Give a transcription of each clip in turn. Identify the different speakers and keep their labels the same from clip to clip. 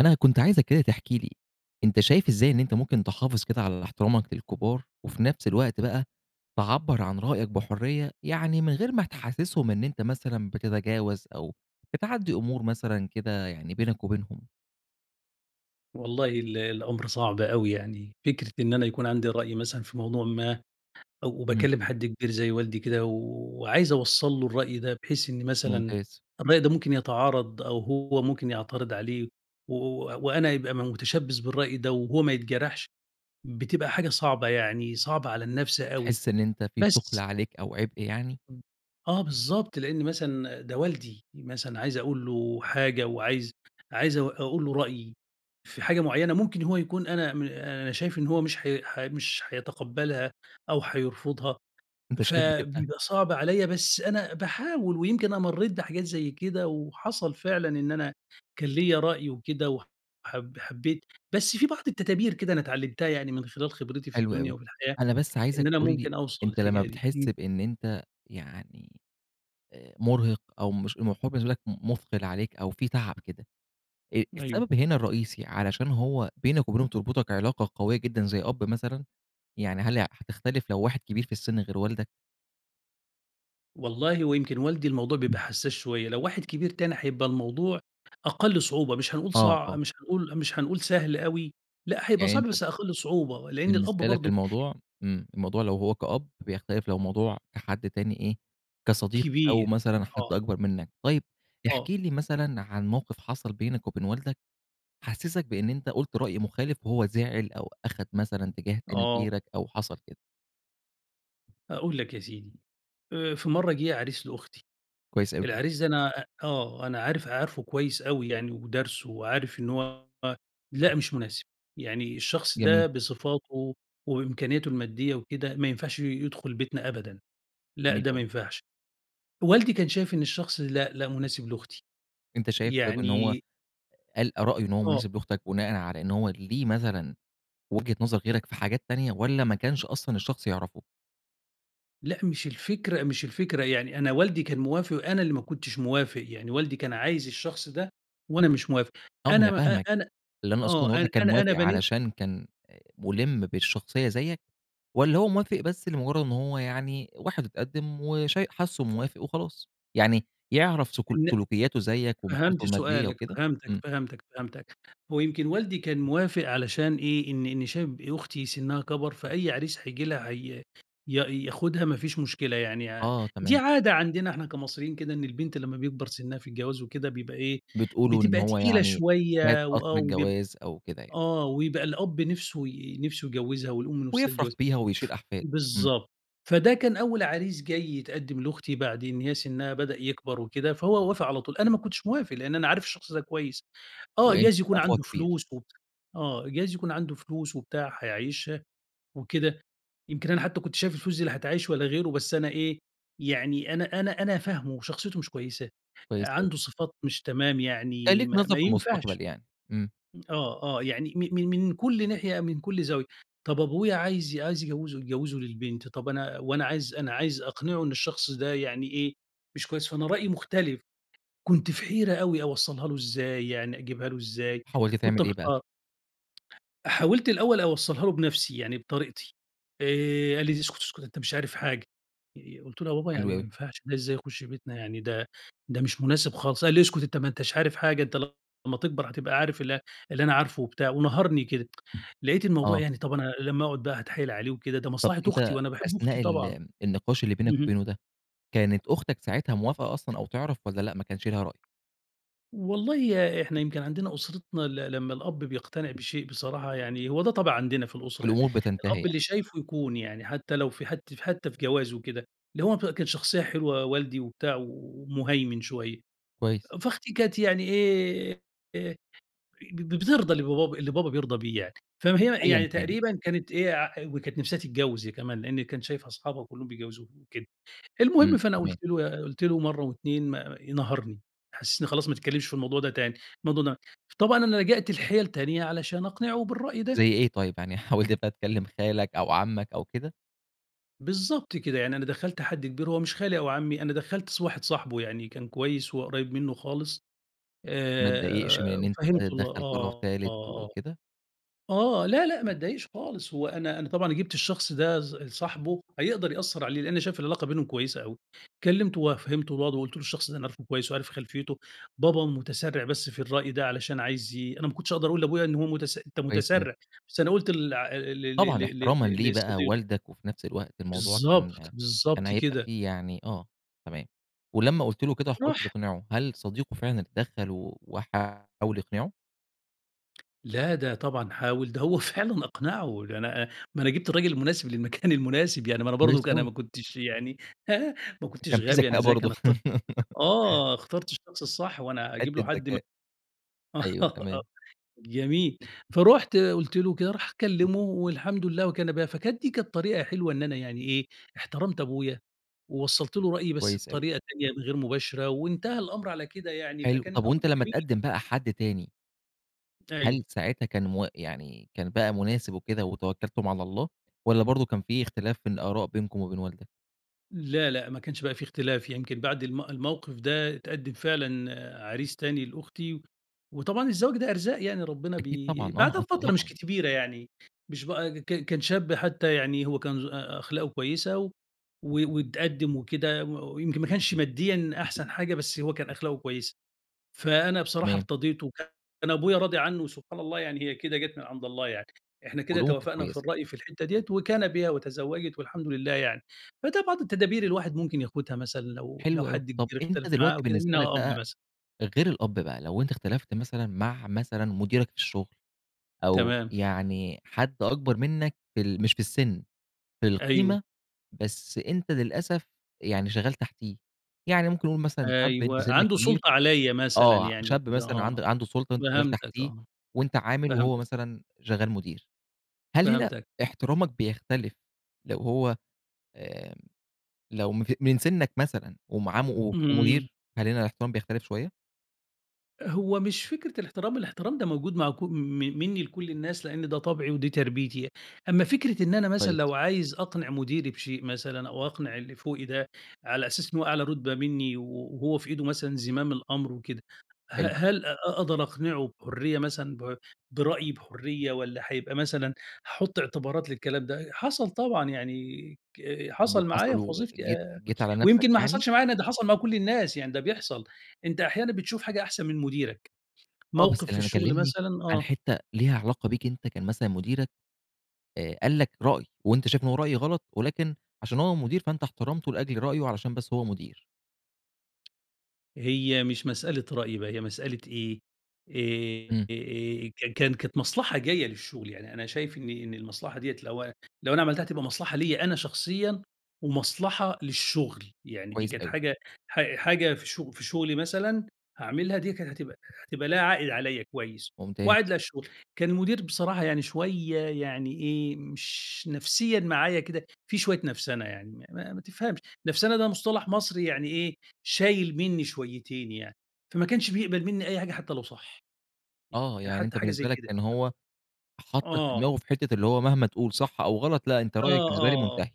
Speaker 1: أنا كنت عايزك كده تحكِي لي أنت شايف إزاي إن أنت ممكن تحافظ كده على احترامك للكبار، وفي نفس الوقت بقى تعبّر عن رأيك بحرية، يعني من غير ما تحسسهم إن أنت مثلًا بتتجاوز، أو بتعدّي أمور مثلًا كده يعني بينك وبينهم؟
Speaker 2: والله ال الأمر صعب أوي يعني فكرة إن أنا يكون عندي رأي مثلًا في موضوع ما،
Speaker 1: امم.
Speaker 2: وباكلم حد كبير زي والدي كده وعايز أوصَّل له الرأي ده بحيث إن مثلًا
Speaker 1: ممتاز.
Speaker 2: م ده ممكن يتعارض أو هو ممكن يعترض عليه و و وأنا يبقى م متشبث بالرأي ده وهو ما يتجرحش، بتبقى حاجة صعبة يعني صعبة على النَفس أوي.
Speaker 1: بتحس إن أنت في ثُقل
Speaker 2: بس
Speaker 1: عليك أو عبء يعني؟
Speaker 2: امم، آه بالضبط، لأن مثلًا ده والدي. مثلًا عايز أقول له حاجة وعايز عايز أق أقول له رأيي في حاجة مُعيّنة ممكن هو يكون أنا م أنا شايف إن هو مش حي ح مش حيتقبلها أو حيرفضها،
Speaker 1: أنت شايف بتبقى
Speaker 2: فبيبقى صعب عليَّ بس أنا باحاول ويمكن أنا مريت بحاجات زي كده، وحصل فعلًا إن أنا كان ليَّ رأي وكده وحب حبّيت، بس في بعض التدابير كده أنا اتعلمتها يعني من خلال خبرتي في
Speaker 1: حلو
Speaker 2: الدنيا
Speaker 1: أوي.
Speaker 2: وفي الحياة،
Speaker 1: أنا بس عايزك
Speaker 2: إن أنا
Speaker 1: تقول لي
Speaker 2: ممكن أوصل
Speaker 1: أنت لمّا
Speaker 2: للحكايه دي.
Speaker 1: بتحس
Speaker 2: امم.
Speaker 1: بإن أنت يعني آآ مُرهِق أو مش [unintelligible] بالنسبة لك م مُثقِل عليك أو في تعب كده. آآ
Speaker 2: أيوه.
Speaker 1: السبب هنا الرئيسي علشان هو بينك وبينهم تربطك علاقة قوية جدًا زي أب مثلًا؟ يعني هل هتختلف لو واحد كبير في السِن غير والدك؟
Speaker 2: والله هو يمكن والدي الموضوع بيبقى حسّاس شويّة، لو واحد كبير تاني هيبقى الموضوع أقل صعوبة، مش هنقول
Speaker 1: آه، آه.
Speaker 2: صعب مش هنقول مش هنقول سهل أوي، لأ هيبقى
Speaker 1: يعني
Speaker 2: صعب
Speaker 1: أنت ب
Speaker 2: بس أقل صعوبة، لأن الأب
Speaker 1: بالنسبة لك
Speaker 2: برضه
Speaker 1: الموضوع امم، الموضوع لو هو كأب بيختلف لو موضوع كحد تاني إيه، كصديق أو
Speaker 2: كبير،
Speaker 1: مثلًا حد
Speaker 2: آه.
Speaker 1: أكبر منّك، طيّب
Speaker 2: آه.
Speaker 1: احكِ لي مثلًا عن موقف حصل بينك وبين والدك، حسِّسك بأن أنت قُلت رأي مخالف، وهو زعل أو أخد مثلًا اتجاه تاني
Speaker 2: آه.
Speaker 1: غيرك أو حصل كده.
Speaker 2: أقول لك يا سيدي آآ، في مرّه جه عريس لأختي،
Speaker 1: كويس أوي.
Speaker 2: العريس ده أنا آه أنا عارف عارفُه كويّس أوي يعني ودارسُه وعارف إنّه هو لأ مش مناسب، يعني الشخص
Speaker 1: جميل.
Speaker 2: ده بصفاته وبإمكانياته المادية وكده ما ينفعش ي يدخل بيتنا أبدًا، لأ
Speaker 1: جميل
Speaker 2: ده ما
Speaker 1: أوي.
Speaker 2: ينفعش، والدي كان شايف إن الشخص لأ، لأ مناسب لأختي،
Speaker 1: أنت شايف طيب إن هو
Speaker 2: يعني
Speaker 1: قال رأيه إن هو
Speaker 2: آه.
Speaker 1: مناسب لأختك بناءً على إن هو ليه مثلًا وجهة نظر غيرك في حاجات تانية، والَّا ما كانش أصلًا الشخص يعرفُه؟
Speaker 2: لأ مش الفكرة مش الفكرة يعني أنا والدي كان موافق، وأنا اللي ما كنتش موافق، يعني والدي كان عايز الشخص ده، وأنا مش موافق
Speaker 1: آه، ما
Speaker 2: أنا
Speaker 1: أنا
Speaker 2: ما أ
Speaker 1: فاهمك
Speaker 2: أنا
Speaker 1: اللي أنا أقصدُه ان
Speaker 2: آه أنا
Speaker 1: والدك كان
Speaker 2: أنا
Speaker 1: موافق
Speaker 2: أنا بنيت
Speaker 1: علشان كان مُلِّم بالشخصيّة زيك، والَّا هو موافق بس لمجرّد إنّ هو يعني واحد واتقدّم وشاي حاسُه موافق وخلاص، يعني يعرف سك
Speaker 2: إن
Speaker 1: سلوكياته زيك وحالته
Speaker 2: فهمت
Speaker 1: المادية
Speaker 2: سؤالك،
Speaker 1: وكده؟
Speaker 2: فهمتك،
Speaker 1: امم.
Speaker 2: فهمتك، فهمتك، هو يمكن والدي كان موافق علشان إيه، إن إن شايف أختي سنّها كبَر فأي عريس هييجي لها هي ي ياخدها ما فيش مشكلة يعني ع
Speaker 1: آه،
Speaker 2: دي
Speaker 1: تمام.
Speaker 2: عادة عندنا إحنا كمصريين كده إن البنت لمّا بيكبَر سنّها في الجواز وكده، بيبقى إيه،
Speaker 1: بتقولوا إن
Speaker 2: بتبقى
Speaker 1: هو
Speaker 2: تقيلة
Speaker 1: يعني فات
Speaker 2: شويّة
Speaker 1: قطر
Speaker 2: وآه وبيبق
Speaker 1: الجواز أو كده يعني.
Speaker 2: آه ويبقى الأب نِفسُه ي نِفسُه يجوّزها، والأم نِفسَها
Speaker 1: ويفرح
Speaker 2: تجوزها،
Speaker 1: بيها ويشيل
Speaker 2: ف
Speaker 1: أحفاد، إمم.
Speaker 2: بالضبط، فده كان أوّل عريس جاي يتقدّم لأختي، بعد إن هي سنّها بدأ يكبَر وكده، فهو وافق على طول، أنا ما كنتش موافق، لأن أنا عارف الشخص ده كويّس، آه
Speaker 1: وأنت
Speaker 2: جايز يكون
Speaker 1: تبقى أخوها
Speaker 2: عنده
Speaker 1: الكبير؟
Speaker 2: فلوس، و آه جايز يكون عنده فلوس وبتاع، حيعيشها وكده، يمكن أنا حتّى كنت شايف الفلوس دي لا هتعيّش ولا غيرُه، بس أنا إيه، يعني أنا أنا أنا فاهمُه وشخصيته مش كويّسة،
Speaker 1: كويس أوي.
Speaker 2: عنده صفات مش تمام
Speaker 1: كان
Speaker 2: يعني
Speaker 1: ليك
Speaker 2: ما
Speaker 1: نظرة
Speaker 2: ما ينفعش،
Speaker 1: فالمستقبل يعني، امم.
Speaker 2: م آه، آه يعني م من من كل ناحية من كل زاوية، طب أبويا عايز عايز ي يجوّزه يجوّزه للبنت طَب أنا وأنا عايز أنا عايز أقنعُه إن الشخص ده يعني إيه، مش كويّس فأنا رأيي مُختلف كنت في حيرة أوي أوصلّها له إزاي يعني أجيبها له إزاي،
Speaker 1: حاولت
Speaker 2: كنت
Speaker 1: تعمل إيه بقى؟
Speaker 2: محتار. حاولت الأوّل أوصلّها له بنفسي، يعني بطريقتي، آآ، قال لي: "اسكت اسكت أنت مش عارف حاجة"، قلت له: "يا بابا
Speaker 1: حلو
Speaker 2: يعني ما
Speaker 1: أوي.
Speaker 2: ينفعش ده ازاي يخش بيتنا يعني ده ده مش مناسب خالص"، قال لي: "اسكت أنت ما أنتش عارف حاجة أنت لمّا تكبر هتبقى عارف ال اللي أنا عارفُه"، وبتاع ونهَرني كده، لقيت الموضوع
Speaker 1: آه.
Speaker 2: يعني طَب أنا لمّا أقعد بقى هتحايل عليه وكده، ده
Speaker 1: طب
Speaker 2: مصلحة أختي،
Speaker 1: أنت
Speaker 2: وأنا باحب أختي
Speaker 1: أثناء
Speaker 2: طبعًا،
Speaker 1: ال النقاش اللي بينك
Speaker 2: اهم.
Speaker 1: وبينه ده، كانت أختك ساعتها موافقة أصلًا أو تعرف، والَّا لأ ما كانش ليها رأي؟
Speaker 2: والله إحنا يمكن عندنا أسرتنا ل لمّا الأب بيقتنع بشيء بصراحة يعني هو ده طبع عندنا في الأسرة يعني،
Speaker 1: والأمور بتنتهي
Speaker 2: الأب
Speaker 1: يعني.
Speaker 2: اللي شايفُه يكون يعني، حتّى لو في حت حتّى في جواز وكده، اللي هو كان شخصيّة حلوة والدي وبتاع ومُهيمن شوية،
Speaker 1: كويس.
Speaker 2: فأختي كانت يعني آآ، ب بترضى اللي با اللي بابا بيرضى بيه يعني، فهي
Speaker 1: أيًا
Speaker 2: يعني
Speaker 1: كان يعني.
Speaker 2: تقريبًا كانت إيه، وكانت نفسها تتجوّز هي كمان، لأني كانت شايفة أصحابها كلّهم بيتجوّزوا وكده،
Speaker 1: امم،
Speaker 2: المهم فأنا قُلت
Speaker 1: تمام.
Speaker 2: له قُلت له مرّه و2 ما نهَرني، حسِّسني خلاص ما تتكلّمش في الموضوع ده تاني، الموضوع ده طبعًا أنا لجأت لحِيَل تانية علشان أقنعه بالرأي ده.
Speaker 1: زي إيه طيّب، يعني حاولت بقى تكلّم خالك أو عمك أو كده؟
Speaker 2: بالضبط كده، يعني أنا دخَّلت حد كبير، هو مش خالي أو عمي، أنا دخَّلت ص واحد صاحبه يعني كان كويس، وهو قريّب منه خالص،
Speaker 1: ما اتضايقش من
Speaker 2: آآ،
Speaker 1: إن أنت [unintelligible]
Speaker 2: وفهّمته الو
Speaker 1: تدخَّل طرف
Speaker 2: آه،
Speaker 1: تالت
Speaker 2: آه،
Speaker 1: وكده؟
Speaker 2: آه، آه، لا لأ، ما اتضايقش خالص، هو أنا أنا طبعًا أنا جِبت الشخص ده ص صاحبه هيقدر يأثر عليه، لأني شايف العلاقة بينهم كويسة أوي، كلّمته وفهّمته الوضع وقلت له الشخص ده أنا عارفه كويس وعارف خلفيته، بابا متسرع بس في الرأي ده علشان عايز يي أنا ما كنتش أقدر أقول لأبويا إن هو متس أنت
Speaker 1: كويس أوي.
Speaker 2: متسرع، بس أنا قلت لع ل ل ل
Speaker 1: طبعا
Speaker 2: ل
Speaker 1: احترامًا
Speaker 2: ل
Speaker 1: ليه بقى
Speaker 2: لصديقه.
Speaker 1: والدك، وفي نفس الوقت الموضوع
Speaker 2: بالضبط،
Speaker 1: كان كان
Speaker 2: بالضبط
Speaker 1: هيبقى
Speaker 2: كده.
Speaker 1: فيه يعني آه، تمام ولما قُلت له كده وحاولت
Speaker 2: راح
Speaker 1: تقنعه، هل صديقه فعلاً اتدخل و وحاول يقنعه؟
Speaker 2: لأ ده طبعًا حاول، ده هو فعلًا أقنعه، لن أ ما أنا جِبت الراجل المناسب للمكان المناسب يعني، ما أنا
Speaker 1: كويس
Speaker 2: برضو أنا
Speaker 1: أوي.
Speaker 2: ما كنتش يعني ها ما
Speaker 1: كان
Speaker 2: كنتش
Speaker 1: في
Speaker 2: غبي، أنا
Speaker 1: ذكاء
Speaker 2: ذكي،
Speaker 1: برضو.
Speaker 2: أنا ات آه اخترت الشخص الصح، هو أنا هاجيب له
Speaker 1: حتة
Speaker 2: حد ما
Speaker 1: ذكاء، أيوه تمام.
Speaker 2: جميل، فرُحت قُلت له كده، راح كلّمه والحمد لله وكان بها، فكانت دي كانت طريقة حلوة إن أنا يعني إيه، احترمت أبويا، ووصلت له رأيي بس
Speaker 1: كويس أوي.
Speaker 2: بطريقة تانية غير مباشرة، وانتهى الأمر على كده يعني،
Speaker 1: حلو،
Speaker 2: فكان
Speaker 1: طب
Speaker 2: الأمر
Speaker 1: وأنت لما
Speaker 2: جميل.
Speaker 1: اتقدم بقى حد تاني هل
Speaker 2: أيوه.
Speaker 1: ساعتها كان م يعني كان بقى مناسب وكده وتوكلتم على الله، والّا برضو كان في اختلاف في الآراء بينكم وبين والدك؟
Speaker 2: لأ لأ، ما كانش بقى في اختلاف، يمكن بعد الم الموقف ده اتقدم فعلًا عريس تاني لأختي، وطبعًا الزواج ده أرزاق يعني، ربنا
Speaker 1: أكيد
Speaker 2: بي
Speaker 1: طبعًا
Speaker 2: بعدها
Speaker 1: آه ط
Speaker 2: بفترة مش
Speaker 1: طبعًا.
Speaker 2: كبيرة يعني، مش بقى ك كان شاب حتى يعني، هو كان ذو أ أخلاقه كويسة و و واتقدم وكده، و ويمكن ما كانش ماديًا أحسن حاجة، بس هو كان أخلاقه كويسة، فأنا بصراحة
Speaker 1: تمام.
Speaker 2: ارتضيته وكان أبويا راضي عنه، وسبحان الله يعني هي كده جات من عند الله يعني، إحنا كده
Speaker 1: هدومه كانت
Speaker 2: توافقنا في
Speaker 1: كويسة.
Speaker 2: الرأي في الحتة ديّة، وكان بها وتزوجت والحمد لله يعني، فده بعض التدابير الواحد ممكن ياخدها مثلًا لو لو
Speaker 1: حلو أوي،
Speaker 2: حد
Speaker 1: طب
Speaker 2: كبير
Speaker 1: أنت
Speaker 2: اختلف معاه
Speaker 1: دلوقتي
Speaker 2: أو كده،
Speaker 1: بالنسبة لك
Speaker 2: منها أب
Speaker 1: بقى
Speaker 2: مثلًا.
Speaker 1: غير الأب بقى، لو أنت اختلفت مثلًا مع مثلًا مديرك في الشغل، أو
Speaker 2: تمام.
Speaker 1: يعني حد أكبر منك في ال مش في السِّن في
Speaker 2: أيوه.
Speaker 1: القيمة، بس أنت للأسف يعني شغال تحتيه، يعني ممكن نقول مثلًا شاب أنت
Speaker 2: أيوه،
Speaker 1: سنّك
Speaker 2: عنده
Speaker 1: كبير
Speaker 2: سُلطة عليَّ مثلًا
Speaker 1: آه
Speaker 2: يعني
Speaker 1: شاب
Speaker 2: وكده
Speaker 1: مثلًا
Speaker 2: آه،
Speaker 1: عنده عنده سُلطة وأنت شغال
Speaker 2: فهمتك
Speaker 1: تحتيه
Speaker 2: آه،
Speaker 1: وأنت عامل وهو
Speaker 2: فهمتك.
Speaker 1: مثلًا شغال مدير، هل هنا
Speaker 2: فهمتك.
Speaker 1: احترامك بيختلف لو هو آآ، لو من ف من سنّك مثلًا ومعاه وف
Speaker 2: امم.
Speaker 1: مدير، هل هنا الاحترام بيختلف شوية؟
Speaker 2: هو مش فكرة الاحترام، الاحترام ده موجود مع ك م منّي لكل الناس، لإن ده طَبعي ودي تربيتي. أمّا فكرة إن أنا مثلًا
Speaker 1: كويس.
Speaker 2: لو عايز أقنِع مُديري بشيء مثلًا أو أقنِع اللي فوقي ده على أساس إنه هو أعلى رُتبة منّي و وهو في إيده مثلًا زِمام الأمر وكده، ه
Speaker 1: حلو.
Speaker 2: هل أ أقدر أقنِعُه بحُرية مثلًا ب برأيي بحُرية والّا هيبقى مثلًا هاحُط اعتبارات للكلام ده؟ حصل طبعًا يعني ك
Speaker 1: طب
Speaker 2: حصل معايا
Speaker 1: وحصل
Speaker 2: في وظيفتي
Speaker 1: وجيت
Speaker 2: أ
Speaker 1: جيت على نفسك
Speaker 2: ويمكن ما
Speaker 1: يعني؟
Speaker 2: حصلش معايا أنا، ده حصل مع كل الناس، يعني ده بيحصل. أنت أحيانًا بتشوف حاجة أحسن من مُديرك.
Speaker 1: آه. بس
Speaker 2: موقف في
Speaker 1: اللي أنا
Speaker 2: الشغل
Speaker 1: كلّمني
Speaker 2: مثلًا
Speaker 1: عن
Speaker 2: آه.
Speaker 1: حتّة ليها علاقة بيك أنت كان مثلًا مُديرك أ قال لك رأي وأنت شايف إنه رأي غلط، ولكن عشان هو مُدير فأنت احترمته لأجل رأيه علشان بس هو مُدير.
Speaker 2: هي مش مسألة رأي بقى، هي مسألة إيه؟ آآ
Speaker 1: إمم.
Speaker 2: أ آآ، كان كانت مصلحة جاية للشغل. يعني أنا شايف إن إن المصلحة دي لو لو أنا عملتها هتبقى مصلحة ليّا أنا شخصيًا ومصلحة للشغل. يعني دي
Speaker 1: كويس
Speaker 2: كانت
Speaker 1: أوي.
Speaker 2: حاجة ح حاجة في شغ في شغلي مثلًا هاعملها دي كانت هتبقى هتبقى ليها عائِد عليّا كويس
Speaker 1: ممتاز.
Speaker 2: وعائِد للشغل. كان المُدير بصراحة يعني شوية يعني إيه، مش نفسيًا معايا كده، في شوية نفسنة يعني ما ما تفهمش. نَفسَنَة ده مصطلح مصري يعني إيه، شايل منّي شويتين يعني. فما كانش بيقبل منّي أي حاجة حتّى لو صح.
Speaker 1: آه.
Speaker 2: يعني
Speaker 1: يعني
Speaker 2: حتّى
Speaker 1: أنت
Speaker 2: حاجة
Speaker 1: بالنسبة
Speaker 2: زي
Speaker 1: لك
Speaker 2: كده.
Speaker 1: كان هو حطَّك في
Speaker 2: آه.
Speaker 1: دماغة في حتّة اللي هو مهما تقول صح أو غلط لأ، أنت
Speaker 2: آه،
Speaker 1: رأيك بالنسبة لي
Speaker 2: آه، آه.
Speaker 1: مُنتهي.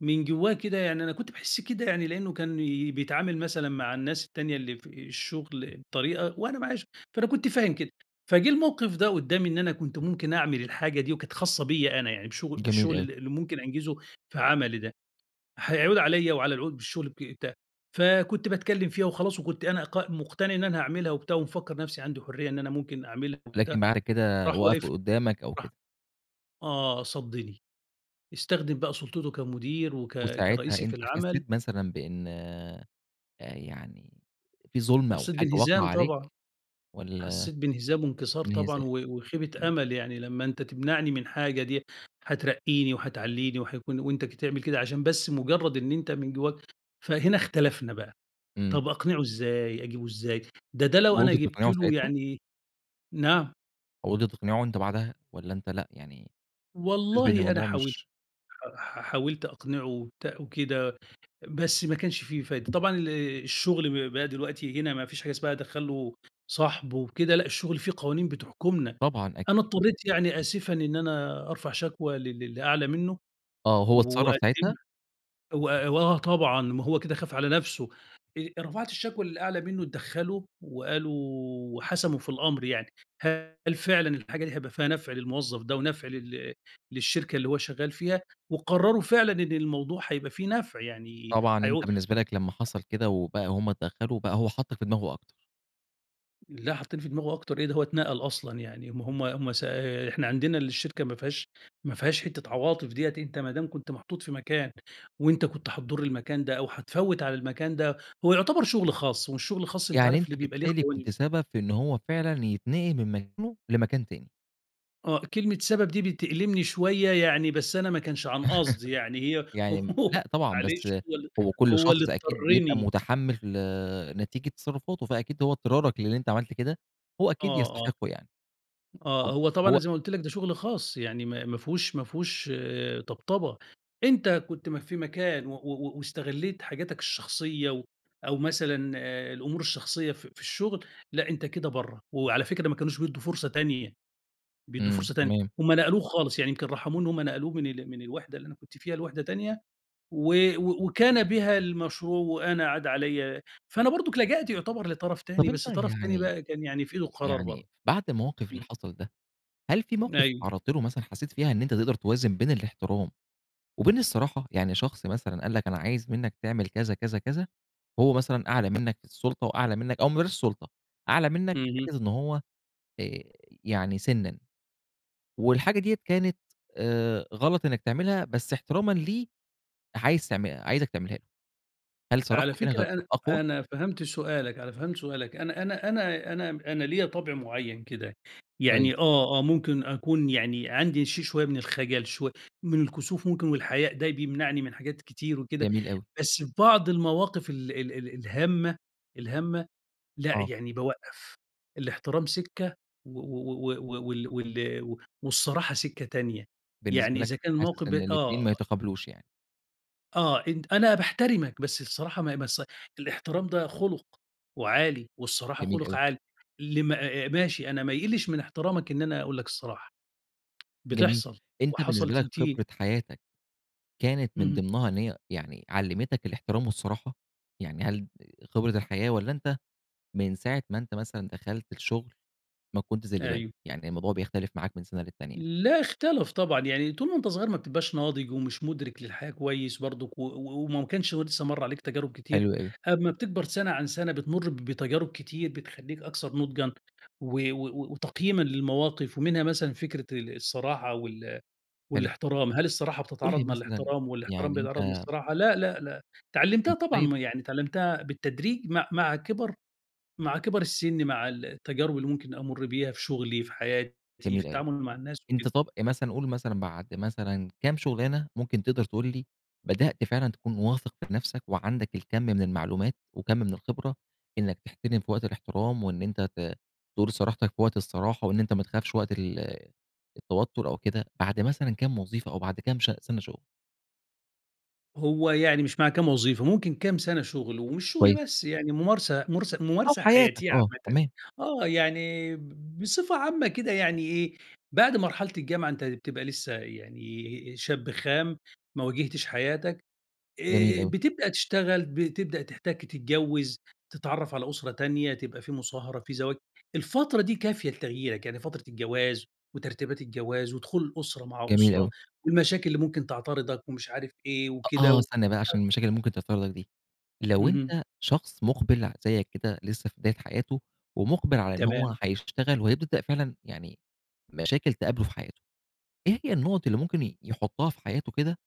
Speaker 2: من جوّاه كده يعني أنا كنت باحس كده يعني لإنّه كان بيتعامل مثلًا مع الناس التانية اللي في الشغل بطريقة، وأنا معش فأنا كنت فاهم كده. فجِه الموقف ده قدّامي إن أنا كنت ممكن أعمل الحاجة دي وكانت خاصة بيّا أنا يعني بشغ
Speaker 1: جميل
Speaker 2: بالشغل
Speaker 1: أوي.
Speaker 2: ال اللي ممكن أنجِزُه في عملي ده. هيعود عليّا وعلى العود بالشغل بي ت فكنت باتكلّم فيها وخلاص وكنت أنا ق مٌقتَنِع إن أنا هاعملها وبتاع ومفكَّر نفسي عندي حُرية إن أنا ممكن أعملها وبتاع،
Speaker 1: لكن بعد كده
Speaker 2: راح واقف لي.
Speaker 1: وقفوا قدّامك أو
Speaker 2: راح
Speaker 1: كده.
Speaker 2: آه صدِّني. استخدم بقى سُلطته كمُدير وك
Speaker 1: وساعتها
Speaker 2: كرئيسي في
Speaker 1: أنت
Speaker 2: العمل
Speaker 1: حسّيت مثلًا بإن أ يعني في ظُلم أو
Speaker 2: حسّيت
Speaker 1: حاجة واقعة
Speaker 2: بانهزام
Speaker 1: عليك
Speaker 2: طبعًا.
Speaker 1: والّا
Speaker 2: حسّيت بانهزام وانكسار طبعًا
Speaker 1: انهزام.
Speaker 2: و وخيبة
Speaker 1: إمم.
Speaker 2: أمَل. يعني لمّا أنت تمنعني من حاجة دي هترقِّيني وهتعلِّيني وهيكون وأنت ك تعمل كده عشان بس مُجرّد إن أنت من جوّاك فهنا اختلفنا بقى.
Speaker 1: إمم.
Speaker 2: طب أقنِعُه إزاي، أجيبه إزاي. ده ده لو أنا
Speaker 1: وقُلت
Speaker 2: جِبت
Speaker 1: تقنعه
Speaker 2: له
Speaker 1: ساعتها؟
Speaker 2: يعني نعم؟
Speaker 1: حاولت تقنعه أنت بعدها، والَّا أنت لأ يعني حاسس بأن
Speaker 2: والله أنا
Speaker 1: الموضوع
Speaker 2: حاولت
Speaker 1: مش
Speaker 2: ح ح حاولت أقنعه وبتا وكده بس ما كانش في فايدة، طبعًا ال الشغل ب بقى دلوقتي هنا ما فيش حاجة اسمها أدخّل له صاحبه وكده لأ، الشغل في قوانين بتحكمنا،
Speaker 1: طبعًا
Speaker 2: أنا
Speaker 1: أكيد.
Speaker 2: اضطريت يعني آسفًا إن أنا أرفع شكوى ل للي أعلى منه
Speaker 1: آه، هو اتصرف ساعتها؟
Speaker 2: وأقدمها، و وآه طبعًا ما هو كده خاف على نَفسه، آآ، رفعت الشكوى للي أعلى منه، اتدخلوا وقالوا وحسموا في الأمر يعني، هل فعلًا الحاجة دي هيبقى فيها نفع للموظف ده ونفع لل للشركة اللي هو شغال فيها، وقرروا فعلًا إن الموضوع هيبقى فيه نفع يعني
Speaker 1: طبعًا أنت
Speaker 2: هيعود
Speaker 1: بالنسبة لك لما حصل كده وبقى هم اتدخلوا بقى هو حطّك في دماغه أكتر.
Speaker 2: لأ حطني في دماغه أكتر إيه، ده هو اتنقل أصلًا يعني ما هُم هُم س إحنا عندنا الشركة ما فيهاش ما فيهاش حتة عواطف ديّة، أنت ما دام كنت محطوط في مكان، وأنت كنت هتضر المكان ده أو هتفوّت على المكان ده هو يعتبر شغل خاص، والشغل الخاص أنت
Speaker 1: يعني
Speaker 2: عارف
Speaker 1: أنت
Speaker 2: ل بيبقى ليه
Speaker 1: بالتالي كنت
Speaker 2: قوانين.
Speaker 1: سبب في إن هو فعلًا يتنقل من مكانه لمكان تاني.
Speaker 2: آه، كلمة سبب دي بتألمني شويّة يعني بس أنا ما كانش عن قصد، يعني هي
Speaker 1: يعني امم، لأ طبعًا بس
Speaker 2: معلش هو اللي
Speaker 1: هو كل
Speaker 2: هو اللي
Speaker 1: شخص أكيد بيبقى
Speaker 2: اضطّرني.
Speaker 1: متحمّل نتيجة تصرفاته فأكيد هو إضطرارك للي أنت عملت كده، هو أكيد
Speaker 2: آه، آه،
Speaker 1: يستحقه يعني،
Speaker 2: آه،
Speaker 1: طب
Speaker 2: هو طبعًا أنا
Speaker 1: هو
Speaker 2: زي ما قلت لك ده شغل خاص يعني ما ما فيهوش ما فيهوش آآ، طبطبة أنت كنت ما في مكان و و واستغلّيت حاجاتك الشخصيّة، و أو مثلًا آآ، الأمور الشخصيّة في في الشغل، لأ أنت كده برّه، وعلى فكرة ما كانوش بيدّوا فرصة تانية بيدّوا
Speaker 1: امم،
Speaker 2: فرصة تانية
Speaker 1: تمام.
Speaker 2: هم نقلوه خالص يعني يمكن رحموه إن هم نقلوه من ال من الوحدة اللي أنا كنت فيها لوحدة تانية، و و وكان بها المشروع وأنا عاد عليَّ فأنا برضك لجأت يُعتبر لطرف
Speaker 1: طب
Speaker 2: تاني،
Speaker 1: أنت
Speaker 2: بس طرف تاني
Speaker 1: يعني
Speaker 2: بقى كان يعني في ايدُه القرار
Speaker 1: يعني
Speaker 2: برضه،
Speaker 1: بعد الموقف اللي
Speaker 2: امم.
Speaker 1: حصل ده، هل في موقف
Speaker 2: أيوه.
Speaker 1: اتعرّضت له مثلًا حسّيت فيها إن أنت تقدر توازن بين الاحترام وبين الصراحة؟ يعني شخص مثلًا قال لك أنا عايز منّك تعمل كذا، كذا، كذا هو مثلًا أعلى منّك في السُلطة وأعلى منّك أو ما بلاش السُلطة، أعلى منّك في
Speaker 2: اهم.
Speaker 1: حتّة إن هو آآ، يعني سنًّا، والحاجة دِيَّة كانت آآ، غلط إنّك تعملها بس احترامًا ليه، عايز تعم عايزك تعملها له، هل
Speaker 2: على
Speaker 1: صراحتك هنا
Speaker 2: فكرة
Speaker 1: كانت
Speaker 2: أنا
Speaker 1: أقوى؟
Speaker 2: أنا فهمت سؤالك، أنا فهمت سؤالك أنا أنا أنا أنا أنا ليّا طبع معيّن كده،
Speaker 1: كويس.
Speaker 2: يعني آه، آه ممكن أكون يعني عندي شي شويّة من الخجل شوي من الكسوف ممكن والحياء ده بيمنعني من حاجات كتير وكده،
Speaker 1: جميل أوي.
Speaker 2: بس فبعض المواقف ال ال ال الهامة، الهامة لأ
Speaker 1: آه.
Speaker 2: يعني بوقّف الاحترام سكّة، و و و و -و وال وال والصراحة سكّة تانية، يعني
Speaker 1: بالنسبة لك
Speaker 2: إذا كان الموقف
Speaker 1: حاسس
Speaker 2: ب
Speaker 1: إن
Speaker 2: آه
Speaker 1: الاتنين ما يتقابلوش يعني؟
Speaker 2: آه. أنت أنا باحترمك، بس الصراحة ما هي بس الاحترام ده خُلُق وعالي، والصراحة
Speaker 1: جميل
Speaker 2: خُلُق
Speaker 1: أوي.
Speaker 2: عالي. اللي مع ماشي أنا ما يِقلِّش من احترامك إن أنا أقول لك الصراحة.
Speaker 1: جميل.
Speaker 2: بتحصل
Speaker 1: أنت
Speaker 2: وحصل
Speaker 1: بالنسبة لك
Speaker 2: تنتي
Speaker 1: خبرة حياتك كانت من
Speaker 2: اهم.
Speaker 1: ضمنها إن هي يعني علِّمتك الاحترام والصراحة؟ يعني هل خبرة الحياة، والّا أنت من ساعة ما أنت مثلًا دخلت الشغل ما كنتش زي دلوقتي،
Speaker 2: أيوه.
Speaker 1: يعني الموضوع بيختلف معاك من سَنة للتانية؟
Speaker 2: لأ اختلف طبعًا. يعني طول ما أنت صغير ما بتبقاش ناضج، ومش مُدرِك للحياة كويس برضك و و وما كانش ه لسّه مَر عليك تجارب كتير.
Speaker 1: حلو أوي.
Speaker 2: أما بتكبر سَنة عن سَنة بتمُر بتجارب كتير بتخلّيك أكثر نُضجًا و و وتقييمًا للمواقف. ومنها مثلًا فكرة ال الصراحة، وال
Speaker 1: حلو.
Speaker 2: والاحترام. هل الصراحة
Speaker 1: قُل لي
Speaker 2: بتتعارض مع
Speaker 1: مثلًا
Speaker 2: الاحترام والاحترام
Speaker 1: يعني
Speaker 2: بيتعارض مع
Speaker 1: أنت
Speaker 2: الصراحة؟ لأ، لأ، لأ. اتعلِّمتها
Speaker 1: أنت
Speaker 2: طبعًا
Speaker 1: طيب
Speaker 2: م يعني اتعلِّمتها بالتدريج مع مع كِبَر مع كِبَر السِن مع ال التجارب اللي ممكن أمُر بيها في شغلي، في حياتي، في
Speaker 1: جميل أوي.
Speaker 2: التعامل مع الناس
Speaker 1: أنت
Speaker 2: وكده.
Speaker 1: طب أ مثلًا قُل مثلًا بعد مثلًا كام شُغلانة ممكن تقدر تقول لي بدأت فعلًا تكون واثِق في نفسك وعندك الكَم من المعلومات، وكَم من الخبرة إنّك تحترم في وقت الاحترام وإن أنت ت تقول صراحتك في وقت الصراحة وإن أنت ما تخافش وقت ال التوتُّر أو كده بعد مثلًا كام وظيفة أو بعد كام ش سَنة شغل؟
Speaker 2: هو يعني مش مع كام وظيفة ممكن كام سنة شغل، ومش
Speaker 1: كويس.
Speaker 2: شغل بس يعني ممارسة ممارس
Speaker 1: أو
Speaker 2: ممارسة
Speaker 1: حياتك،
Speaker 2: حياتية
Speaker 1: آه،
Speaker 2: عامةً،
Speaker 1: تمام.
Speaker 2: آه يعني ب بصفة عامة كده يعني إيه، بعد مرحلة الجامعة أنت بتبقى لسه يعني شاب خام ما واجهتش حياتك
Speaker 1: جميل
Speaker 2: آآ،
Speaker 1: أوي.
Speaker 2: بتبدأ تشتغل بتبدأ تحتكّ، تتجوّز تتعرّف على أسرة تانية، تبقى في مصاهرة، في زواج، الفترة دي كافية لتغييرك، يعني فترة الجواز وترتيبات الجواز، ودخول الأسرة مع
Speaker 1: جميل
Speaker 2: أسرة،
Speaker 1: أوي.
Speaker 2: والمشاكل اللي ممكن تعترضك ومش عارف إيه
Speaker 1: أ آه
Speaker 2: وكده،
Speaker 1: استنى بقى،
Speaker 2: ف
Speaker 1: عشان المشاكل اللي ممكن تحصل لك دي، لو
Speaker 2: اهم.
Speaker 1: أنت شخص مُقبِل ع زيك كده لسه في بداية حياته، ومُقبِل على إن هو
Speaker 2: تمام.
Speaker 1: حيشتغل وهيبدأ فعلًا يعني مشاكل تقابله في حياته، إيه هي النقط اللي ممكن ي يحطها في حياته كده،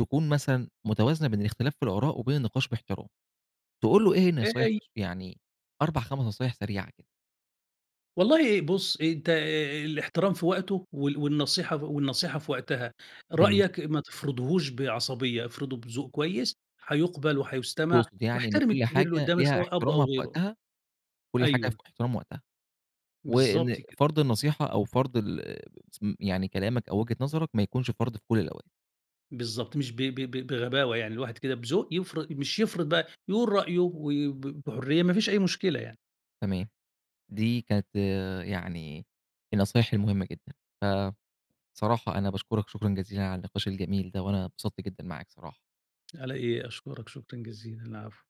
Speaker 1: تكون مثلًا متوازنة بين الاختلاف في الآراء وبين النقاش بإحترام؟ تقول له إيه النصايح
Speaker 2: [unintelligible]
Speaker 1: يعني 4 5 نصايح سريعة كده؟
Speaker 2: والله بُصّ، أنت آآ، الاحترام في وقته وال والنصيحة والنصيحة في وقتها،
Speaker 1: جميل.
Speaker 2: رأيك ما تفرضهوش بعصبية، افرضه بذوق كويس، هيقُبَل وهيُستمع
Speaker 1: تقصد يعني إن
Speaker 2: واحترم
Speaker 1: كل
Speaker 2: الكبير اللي
Speaker 1: حاجة
Speaker 2: قدامك
Speaker 1: ليها
Speaker 2: سواء أب أو
Speaker 1: احترامها في
Speaker 2: غيره.
Speaker 1: وقتها؟ كل حاجة في
Speaker 2: أيوه.
Speaker 1: احترام وقتها، وإن
Speaker 2: بالضبط كده.
Speaker 1: فرض النصيحة أو فرض ال يعني كلامك أو وجهة نظرك ما يكونش فرض في كل الأوقات.
Speaker 2: بالضبط مش ب ب ب بغباوة يعني الواحد كده بذوق يفر مش يفرض بقى يقول رأيه، وب بحُريّة ما فيش أي مشكلة يعني.
Speaker 1: تمام دي كانت يعني النصايح المهمة جدًا ف صراحة أنا باشكرك شكرًا جزيلًا على النقاش الجميل ده، وأنا انبسطت جدًا معاك صراحة.
Speaker 2: على إيه، أشكرك شكرًا جزيلًا، العفو.